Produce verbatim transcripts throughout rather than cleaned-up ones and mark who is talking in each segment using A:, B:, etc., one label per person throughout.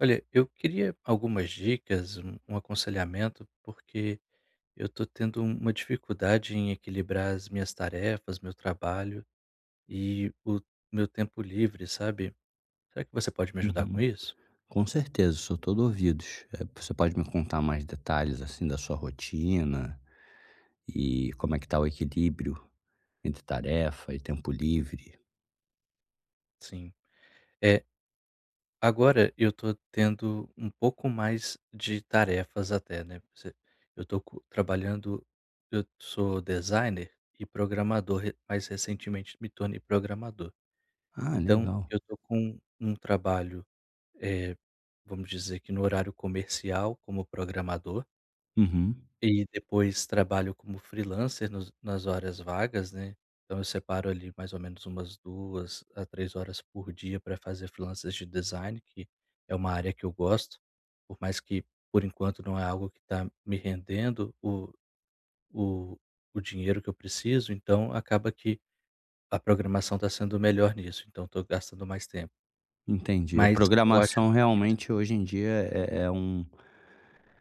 A: Olha, eu queria algumas dicas, um um aconselhamento, porque eu tô tendo uma dificuldade em equilibrar as minhas tarefas, meu trabalho e o meu tempo livre, sabe? Será que você pode me ajudar com
B: Uhum.
A: isso?
B: Com certeza, sou todo ouvidos, eh, você pode me contar mais detalhes assim da sua rotina, e como é que tá o equilíbrio entre tarefa e tempo livre?
A: Sim, é. Agora eu tô tendo um pouco mais de tarefas até, né, pra você eu tô co trabalhando eu sou designer e programador re mas recentemente me tornei programador.
B: Ah,
A: Então
B: legal.
A: eu tô com um trabalho, eh, vamos dizer que no horário comercial como programador
B: Uhum.
A: e depois trabalho como freelancer nos nas horas vagas, né. Então eu separo ali mais ou menos umas duas a três horas por dia pra fazer freelancers de design que é uma área que eu gosto. Por mais que por enquanto não é algo que tá me rendendo o o o dinheiro que eu preciso, então acaba que a programação tá sendo melhor nisso, então eu tô gastando mais tempo.
B: Entendi.
A: Mas eu acho
B: Programação realmente hoje em dia é é um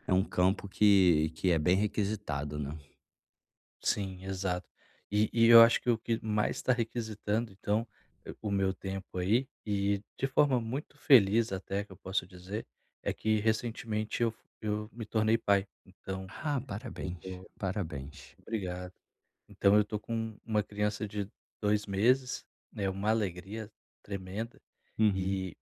B: é um campo que que é bem requisitado, né.
A: Sim, exato. E e eu acho que o que mais tá requisitando, então, o meu tempo aí, e de forma muito feliz até que eu posso dizer, é que recentemente eu f eu me tornei pai, então
B: Ah,
A: eu
B: parabéns,
A: tô
B: parabéns.
A: obrigado. Então eu tô com uma criança de dois meses, né, uma alegria tremenda.
B: Uhum.
A: E,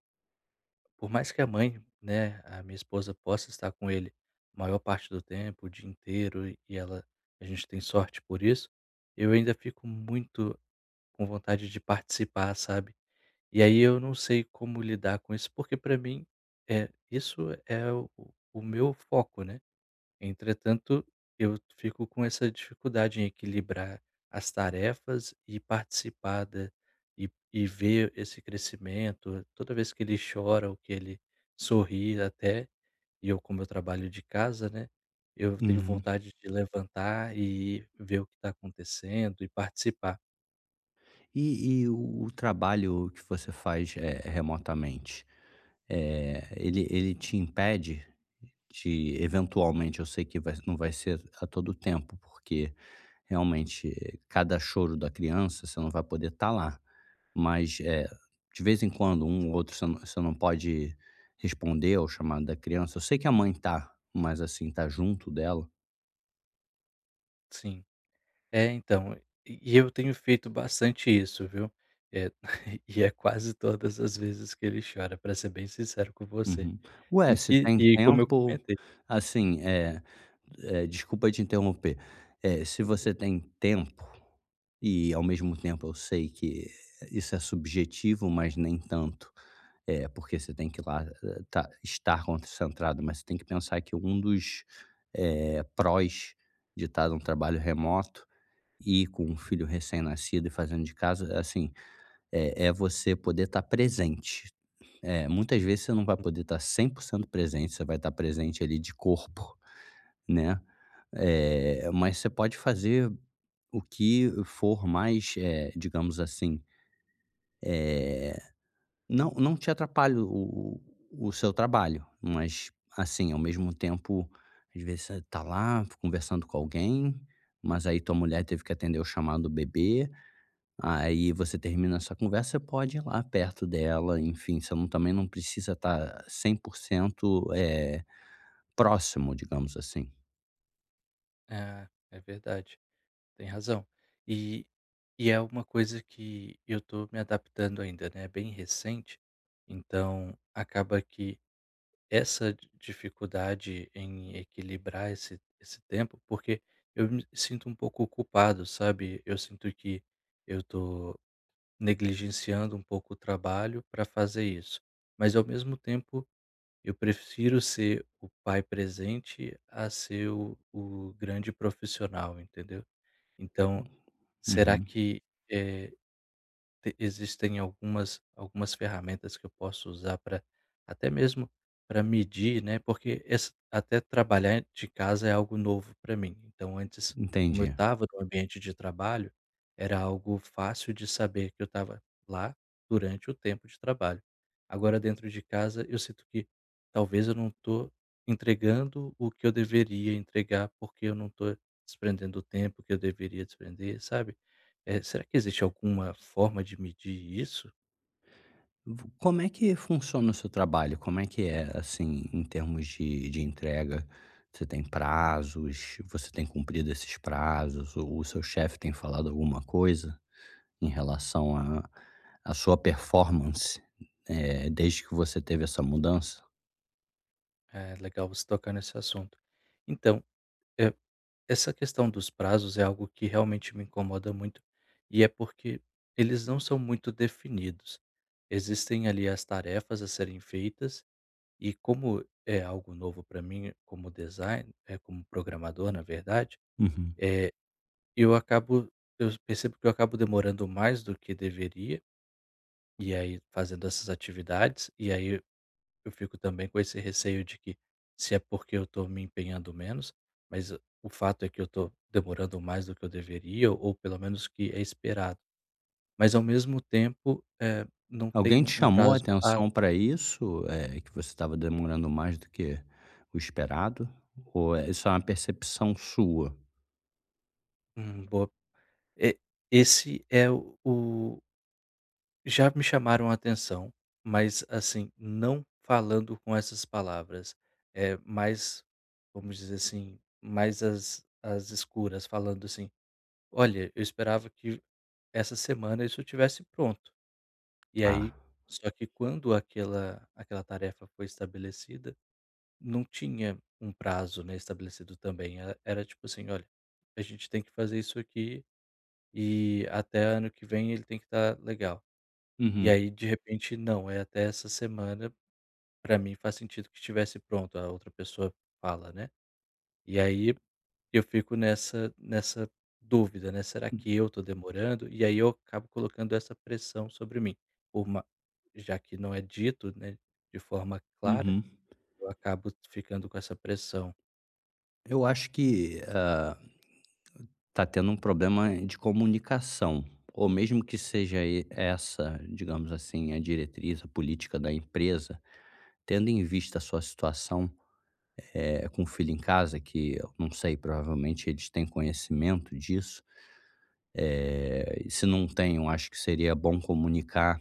A: por mais que a mãe, né, a minha esposa possa estar com ele a maior parte do tempo, o dia inteiro, e ela a gente tem sorte por isso, eu ainda fico muito com vontade de participar, sabe. E aí eu não sei como lidar com isso, porque pra mim, eh, isso é o o meu foco, né. Entretanto, eu fico com essa dificuldade em equilibrar as tarefas e participar da e e ver esse crescimento toda vez que ele chora ou que ele sorri até, e eu como eu trabalho de casa, né, eu tenho
B: Uhum.
A: vontade de levantar e ir ver o que tá acontecendo e participar.
B: E e o o trabalho que você faz, eh, remotamente, eh, ele ele te impede de eventualmente, eu sei que vai não vai ser a todo tempo, porque realmente cada choro da criança você não vai poder tá lá, mas, eh, de vez em quando um ou outro você não, você não pode responder ao chamado da criança. Eu sei que a mãe tá mais assim, tá junto dela.
A: Sim. É, então, e e eu tenho feito bastante isso, viu. É e é quase todas as vezes que ele chora, pra ser bem sincero com você.
B: Uhum. Ué,
A: E
B: se
A: e
B: tem
A: e como eu
B: tempo,
A: comentei
B: assim, eh eh, desculpa te interromper. É, se
A: Tudo
B: você
A: bem.
B: tem tempo e ao mesmo tempo eu sei que isso é subjetivo, mas nem tanto, eh, porque você tem que lá tá estar concentrado, mas você tem que pensar que um dos, eh, prós de tá num trabalho remoto e com um filho recém-nascido e fazendo de casa, assim, eh eh você poder tá presente. É, muitas vezes você não vai poder tá cem por cento presente, você vai tá presente ali de corpo, né. Eh, mas você pode fazer o que for mais, eh, digamos assim, eh, não não te atrapalha o o seu trabalho. Mas assim, ao mesmo tempo, às vezes você tá lá conversando com alguém, mas aí tua mulher teve que atender o chamado do bebê, aí você termina sua conversa, você pode ir lá perto dela, enfim, você não também não precisa tá cem por cento, eh, próximo, digamos assim.
A: É, é verdade, tem razão. E e é uma coisa que eu tô me adaptando ainda, né, bem recente, então acaba que essa di dificuldade em equilibrar esse esse tempo porque eu me sinto um pouco culpado, sabe. Eu sinto que eu tô negligenciando um pouco o trabalho pra fazer isso. Mas ao mesmo tempo eu prefiro ser o pai presente a ser o o grande profissional, entendeu? Então será
B: Uhum.
A: que, eh, t existem algumas algumas ferramentas que eu posso usar pra até mesmo pra medir, né, porque es até trabalhar de casa é algo novo pra mim. Então antes, como eu
B: Entendi.
A: tava no ambiente de trabalho, era algo fácil de saber que eu tava lá durante o tempo de trabalho. Agora dentro de casa eu sinto que talvez eu não tô entregando o que eu deveria entregar, porque eu não tô desprendendo o tempo que eu deveria desprender, sabe, eh. Será que existe alguma forma de medir isso?
B: Vo como é que funciona o seu trabalho? Como é que é, assim, em termos de de entrega? Você tem prazos, você tem cumprido esses prazos? O seu chefe tem falado alguma coisa em relação à à sua performance, eh, desde que você teve essa mudança?
A: É, legal você tocar nesse assunto. Então, eh, essa questão dos prazos é algo que realmente me incomoda muito, e é porque eles não são muito definidos. Existem, ali, as tarefas a serem feitas e como é algo novo para mim como design eh, como programador, na verdade,
B: Uhum.
A: é, eu acabo eu percebo que eu acabo demorando mais do que deveria, e aí fazendo essas atividades, e aí eu fico também com esse receio de que se é porque eu estou me empenhando menos, mas o fato é que eu estou demorando mais do que eu deveria ou pelo menos que é esperado. Mas ao mesmo tempo, eh, não tem
B: Alguém te
A: um um
B: chamou a
A: prazo a
B: atenção para isso, é, que você estava demorando mais do que o esperado? Ou é só uma percepção sua?
A: Hum, boa. E esse é o Já me chamaram a atenção, mas assim, não falando com essas palavras, eh, mas vamos dizer assim, mais às às escuras, falando assim: "Olha, eu esperava que essa semana isso estivesse pronto". E
B: Ah.
A: aí só que quando aquela aquela tarefa foi estabelecida, não tinha um prazo, né, estabelecido também. E era tipo assim: "Olha, a gente tem que fazer isso aqui e até ano que vem ele tem que tá legal". E
B: Uhum.
A: aí, de repente, não, é até essa semana, pra mim faz sentido que estivesse pronto, a outra pessoa fala, né. E aí eu fico nessa nessa dúvida, né, "Será
B: Hum.
A: que eu tô demorando?". E aí eu acabo colocando essa pressão sobre mim, por ma já que não é dito, né, de forma clara,
B: Uhum.
A: eu acabo ficando com essa pressão.
B: Eu acho que ah tá tendo um problema de comunicação ou mesmo que seja e essa digamos assim, a diretriz, a política da empresa, tendo em vista a sua situação, eh, com filho em casa, que eu não sei, provavelmente eles têm conhecimento disso, eh, e se não têm, eu acho que seria bom comunicar,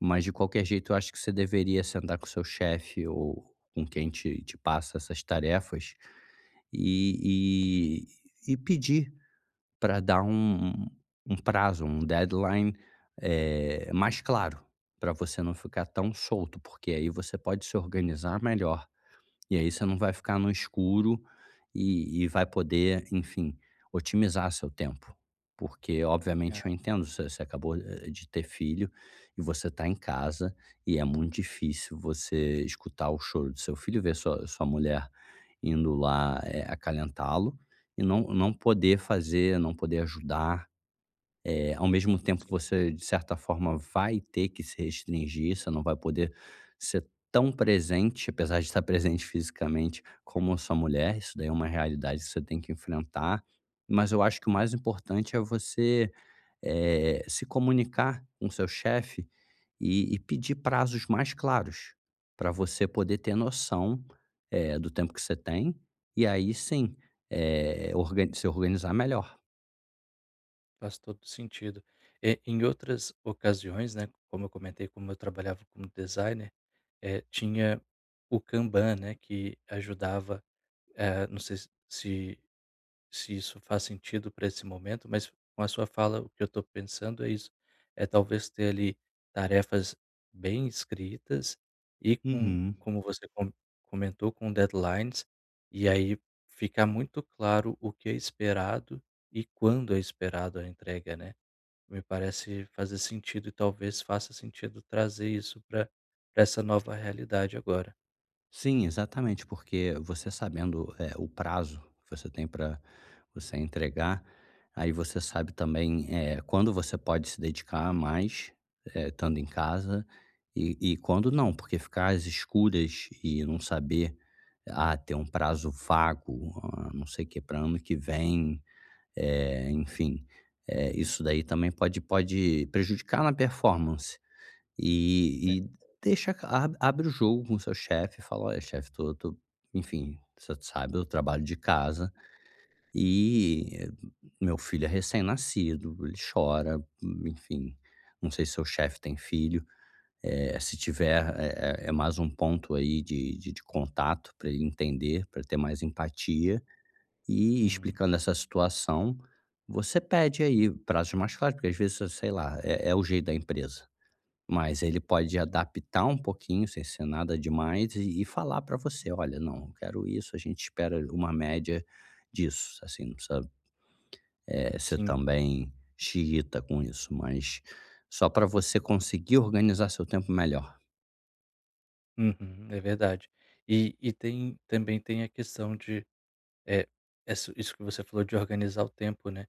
B: mas de qualquer jeito, eu acho que você deveria sentar com seu chefe ou com quem te te passa essas tarefas e e e pedir pra dar um um prazo, um deadline, eh, mais claro pra você não ficar tão solto, porque aí você pode se organizar melhor. E aí você não vai ficar no escuro e e vai poder, enfim, otimizar seu tempo, porque
A: Ah.
B: obviamente eu entendo, você você acabou, eh, de ter filho e você tá em casa e é muito difícil você escutar o choro do seu filho, ver sua sua mulher indo lá, eh, acalentá-lo e não não poder fazer, não poder ajudar, eh, ao mesmo tempo,
A: Sim.
B: você de certa forma vai ter que se restringir, você não vai poder ser tão presente, apesar de estar presente fisicamente, como a sua mulher, isso daí é uma realidade que você tem que enfrentar. Mas eu acho que o
A: Hum.
B: mais importante é você, eh, se comunicar com seu chefe e e pedir prazos mais claros pra você poder ter noção, eh, do tempo que você tem e aí sim, eh, org se organizar melhor.
A: Faz todo sentido, eh, em outras ocasiões, né, como eu comentei, como eu trabalhava no designer, eh, tinha o Kanban, né, que ajudava, eh, não sei se se se isso faz sentido pra esse momento, mas a sua fala, o que eu tô pensando é isso. É talvez ter ali tarefas bem escritas e com
B: Uhum.
A: como você come comentou, com deadlines, e aí fica muito claro o que é esperado e quando é esperado a entrega, né. Me parece fazer sentido e talvez faça sentido trazer isso pra pra essa nova realidade agora.
B: Sim exatamente, porque você sabendo, eh, o prazo que você tem pra você entregar, aí você sabe também, eh, quando você pode se dedicar mais, eh, tando em casa e e quando não, porque ficar as escuras e não saber: "Ah, ter um prazo vago, hã, não sei quê pra ano que vem." Eh, enfim, eh, isso daí também pode pode prejudicar na performance.
A: Né?
B: E e
A: [unintelligible]
B: deixa ca a abre o jogo com seu chefe, fala: "Olha chefe, tô tô enfim, você que sabe, eu trabalho de casa e meu filho é recém-nascido, ele chora", enfim, não sei se seu chefe tem filho. Eh, se tiver, é é é mais um ponto aí de de de contato pra ele entender, pra ter mais empatia. E
A: Hum.
B: explicando essa situação, você pede aí prazos mais claros, porque às vezes cê sei lá, é é o jeito da empresa. Mas ele pode adaptar um pouquinho, sem ser nada demais, e e falar pra você: "Olha, não, quero isso, a gente espera uma média disso." Assim num sabe. É cê
A: Sim.
B: também "Xiita" com isso, mas só pra você conseguir organizar seu tempo melhor.
A: Uhum. É verdade. E e tem também tem a questão de é, ess isso que você falou de organizar o tempo, né,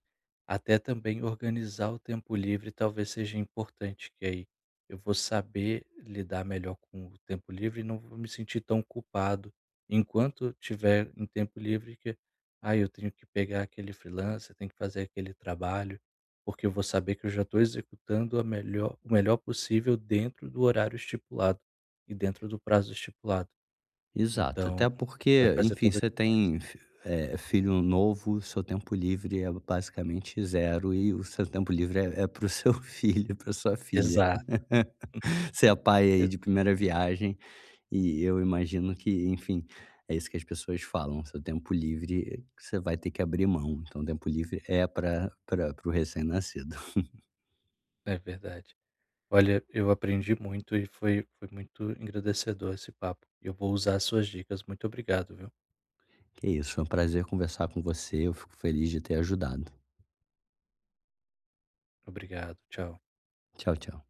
A: até também organizar o tempo livre, talvez seja importante que aí eu vou saber lidar melhor com o tempo livre e não vou me sentir tão culpado enquanto tiver um tempo livre, que aí eu tenho que pegar aquele freelancer, tenho que fazer aquele trabalho, porque eu vou saber que eu já tô executando a melhor o melhor possível dentro do horário estipulado e dentro do prazo estipulado.
B: Exato,
A: Então
B: até
A: vai
B: porque,
A: fazer
B: enfim,
A: toda a
B: você
A: diferença.
B: tem fi é, filho novo, o seu tempo livre é basicamente zero e o seu tempo livre é é para o seu filho, para a sua filha.
A: Exato.
B: Você é pai
A: Hum.
B: aí
A: Exa
B: de primeira viagem e eu imagino que enfim, é isso que as pessoas falam, seu tempo livre você vai ter que abrir mão, então, tempo livre é para para para o recém-nascido.
A: É verdade. Olha, eu aprendi muito e foi foi muito engrandecedor esse papo. Eu vou usar suas dicas. Muito obrigado, viu.
B: Que isso, é um prazer conversar com você, eu fico feliz de ter ajudado.
A: Obrigado, tchau.
B: Tchau, tchau.